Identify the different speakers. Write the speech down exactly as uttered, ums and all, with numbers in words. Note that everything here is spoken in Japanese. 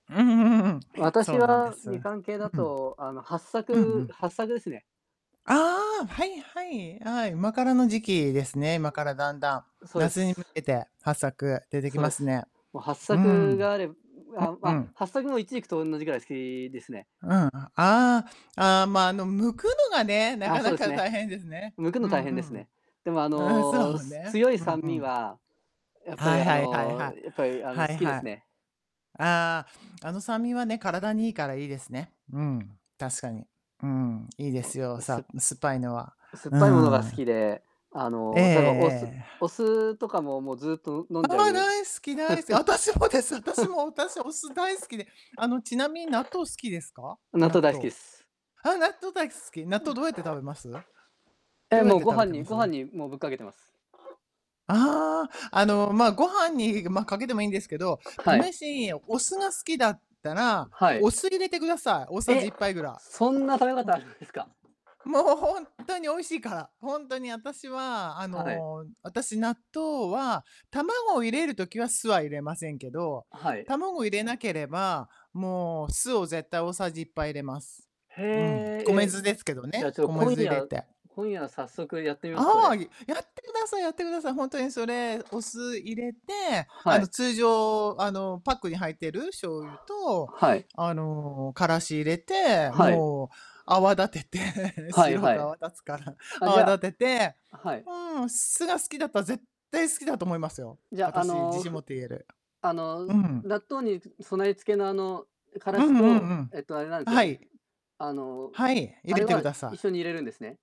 Speaker 1: うーん。
Speaker 2: 私
Speaker 1: そうなんで
Speaker 2: は、
Speaker 1: す。うん。
Speaker 2: みかん系だ
Speaker 1: うん
Speaker 2: と、あの、はっさ
Speaker 1: う
Speaker 2: く
Speaker 1: ん。
Speaker 2: はっさくですね。
Speaker 1: ああ。はいはい。あ、はい。あ、今からの時期ですね。今
Speaker 2: うん、
Speaker 1: から、だんだん。
Speaker 2: うそうで
Speaker 1: 夏に向
Speaker 2: す。
Speaker 1: けて、はっさく出てき
Speaker 2: そう
Speaker 1: ま
Speaker 2: で
Speaker 1: す
Speaker 2: す。
Speaker 1: ね。
Speaker 2: もう、はっ
Speaker 1: う
Speaker 2: さく
Speaker 1: ん。
Speaker 2: があれう
Speaker 1: う
Speaker 2: あ、ま
Speaker 1: う
Speaker 2: あ、
Speaker 1: ん。
Speaker 2: はっさくもイチジクとおんなじくらい好きですね。
Speaker 1: うん。ん、ああ。ああ、まあ、あの、剥くのがね。な
Speaker 2: あ、
Speaker 1: か
Speaker 2: そう
Speaker 1: な
Speaker 2: です
Speaker 1: か
Speaker 2: ね。
Speaker 1: 大変ですね。
Speaker 2: 剥く
Speaker 1: う
Speaker 2: の
Speaker 1: ん
Speaker 2: 大変
Speaker 1: う
Speaker 2: です
Speaker 1: ん。
Speaker 2: ね。でも、あ
Speaker 1: うん、
Speaker 2: の、
Speaker 1: そう
Speaker 2: す
Speaker 1: ね。
Speaker 2: 強い
Speaker 1: うん
Speaker 2: 酸
Speaker 1: う
Speaker 2: 味
Speaker 1: ん。
Speaker 2: は、やっぱり、
Speaker 1: はい
Speaker 2: あ
Speaker 1: はいはい、
Speaker 2: の、
Speaker 1: は
Speaker 2: やっぱり、あの、
Speaker 1: は
Speaker 2: 好
Speaker 1: い、
Speaker 2: きです
Speaker 1: は
Speaker 2: ね。
Speaker 1: ああ。あの酸味はね、体にいいからいいですね。うん、確かに。うん、いいで
Speaker 2: も
Speaker 1: すよ。
Speaker 2: う、す
Speaker 1: さむ酸っぱいのは、
Speaker 2: 酸っ
Speaker 1: う
Speaker 2: ぱいものが好き
Speaker 1: ん。
Speaker 2: で、あ
Speaker 1: えええ
Speaker 2: の、とえば、お酢
Speaker 1: えええ、
Speaker 2: お
Speaker 1: は
Speaker 2: 酢とかも、もう、ずっと飲
Speaker 1: あ
Speaker 2: んじ
Speaker 1: あ。
Speaker 2: ゃう
Speaker 1: 大好き、大好私もです。私も。私、お酢大好きで。あの、ちなみに納豆好きですか？
Speaker 2: 納
Speaker 1: 納
Speaker 2: 豆大好き
Speaker 1: 豆。
Speaker 2: です。
Speaker 1: ああ、納豆大好き。納
Speaker 2: え
Speaker 1: 豆どうやって食べます？ど
Speaker 2: は、え、
Speaker 1: うやっ
Speaker 2: もう、
Speaker 1: て
Speaker 2: ご
Speaker 1: 食べ
Speaker 2: 飯
Speaker 1: て
Speaker 2: に
Speaker 1: ま
Speaker 2: ご
Speaker 1: す？
Speaker 2: 飯にもうぶっかけてます。
Speaker 1: ああ。あの、まあ、ご飯に、まあ、かけてもいいんですけど、
Speaker 2: はい。
Speaker 1: 試しいお酢が好きだったら、
Speaker 2: はい。
Speaker 1: お酢入れてください。大さじ
Speaker 2: え、
Speaker 1: いっぱいぐら。
Speaker 2: そんな食べ
Speaker 1: ふ
Speaker 2: 方
Speaker 1: ん。
Speaker 2: あるんですか？
Speaker 1: もう、ほんとに美味しいから。ほんとに私は、あ
Speaker 2: はい。
Speaker 1: の、私、納豆は、卵を入れる時は、酢は入れませんけど、
Speaker 2: はい。
Speaker 1: 卵入れなければ、もう、酢を絶対大さじいっぱい入れます。
Speaker 2: へ
Speaker 1: うん。米
Speaker 2: え。え、
Speaker 1: 酢ですけど
Speaker 2: じゃあ、
Speaker 1: ね。
Speaker 2: ちょっと、
Speaker 1: 米
Speaker 2: 今
Speaker 1: 酢入れ
Speaker 2: 夜
Speaker 1: て。
Speaker 2: 今夜早速やってみます、そ
Speaker 1: ああ。い
Speaker 2: れ。
Speaker 1: やってくださいやってください。ほんとに、それ、お酢入れて、あ
Speaker 2: は
Speaker 1: の、
Speaker 2: い。
Speaker 1: 通常、あの、パックに入ってる醤
Speaker 2: は、
Speaker 1: 油と、
Speaker 2: はい。
Speaker 1: あの、辛子入れて、
Speaker 2: はい。
Speaker 1: もう、泡立てて、
Speaker 2: はい
Speaker 1: 白
Speaker 2: は
Speaker 1: く
Speaker 2: い。
Speaker 1: 泡立つから、
Speaker 2: あ、じ
Speaker 1: 泡
Speaker 2: ゃ
Speaker 1: 立てて
Speaker 2: あはい。
Speaker 1: うん。酢が好きだったら絶対好きだと思いますよ。
Speaker 2: じゃ、あ
Speaker 1: 私、自
Speaker 2: の、
Speaker 1: 信持
Speaker 2: ふ
Speaker 1: って言える。
Speaker 2: あの、
Speaker 1: う
Speaker 2: ず
Speaker 1: ん。
Speaker 2: 納豆に、ず備え付けの、あの、辛
Speaker 1: う
Speaker 2: 子
Speaker 1: んうんう
Speaker 2: と、
Speaker 1: ん。
Speaker 2: えっと、あれなん違う、
Speaker 1: は
Speaker 2: うう、
Speaker 1: い。
Speaker 2: あの、
Speaker 1: はい。入
Speaker 2: あれ
Speaker 1: れてく
Speaker 2: は
Speaker 1: ださ
Speaker 2: 一緒
Speaker 1: い。
Speaker 2: に入れるんですね？